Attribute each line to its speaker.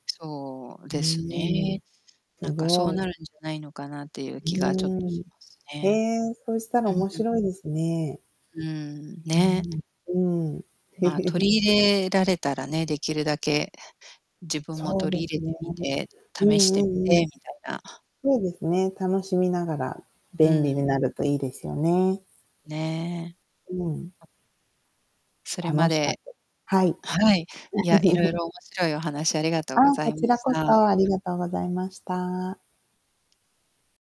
Speaker 1: そう
Speaker 2: う
Speaker 1: です
Speaker 2: ーん、
Speaker 1: ね。
Speaker 2: す
Speaker 1: なんかそ
Speaker 2: ご
Speaker 1: う
Speaker 2: い。
Speaker 1: なるんじゃないのかなっていう
Speaker 2: う
Speaker 1: 気がちょっと
Speaker 2: ーん、
Speaker 1: します
Speaker 2: へ
Speaker 1: ね。
Speaker 2: え、そしたら
Speaker 1: うん
Speaker 2: 面
Speaker 1: うん。
Speaker 2: 白いですね。
Speaker 1: うーん、
Speaker 2: う
Speaker 1: ね。
Speaker 2: ーん、うん。
Speaker 1: まあ、取 り入れられたらね、できるだけ自分も
Speaker 2: そう
Speaker 1: 取
Speaker 2: で
Speaker 1: り入れ
Speaker 2: すね。
Speaker 1: てみて、
Speaker 2: うん
Speaker 1: 試して
Speaker 2: う
Speaker 1: みて、
Speaker 2: んうん。
Speaker 1: みたいな。
Speaker 2: そうですね、楽しみながら、
Speaker 1: う
Speaker 2: 便
Speaker 1: ー
Speaker 2: 利
Speaker 1: ん。
Speaker 2: になるといいですよね。
Speaker 1: ねえ。
Speaker 2: うん。
Speaker 1: あ。それま
Speaker 2: 楽しか
Speaker 1: で
Speaker 2: ったはい。
Speaker 1: はい。いや、いろい ろ面白いお話ありがと
Speaker 2: あ、
Speaker 1: うござ
Speaker 2: こ
Speaker 1: いま
Speaker 2: ちら
Speaker 1: し
Speaker 2: こ
Speaker 1: た。
Speaker 2: そ、ありがとうございました。